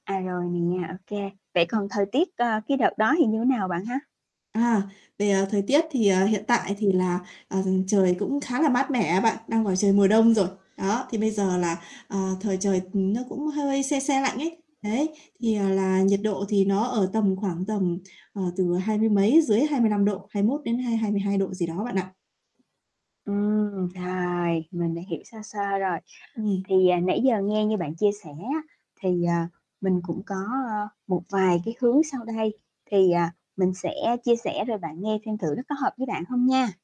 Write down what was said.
À, rồi nè nha, ô kê, vậy [unintelligible] còn thời tiết, ờ, cái đợt đó thì như thế nào bạn ha? À, về thời tiết thì, ờ, hiện tại thì là, ờ, trời cũng khá là mát mẻ á bạn, đang vào trời mùa đông rồi. Đó, thì bây giờ là, ờ, thời trời nó cũng hơi se se lạnh ấy, đấy, thì, à, là nhiệt độ thì nó ở tầm khoảng tầm, ờ, từ hai mươi mấy, dưới 25 độ, 21 đến hai hai mươi hai độ gì đó bạn ạ. Ừm, rồi, mình đã hiểu sơ sơ rồi. Ừm. Thì, à, nãy giờ nghe như bạn chia sẻ á thì, à, mình cũng có, ơ, một vài cái hướng sau đây thì, à, mình sẽ chia sẻ rồi bạn nghe xem thử nó có hợp với bạn không nha!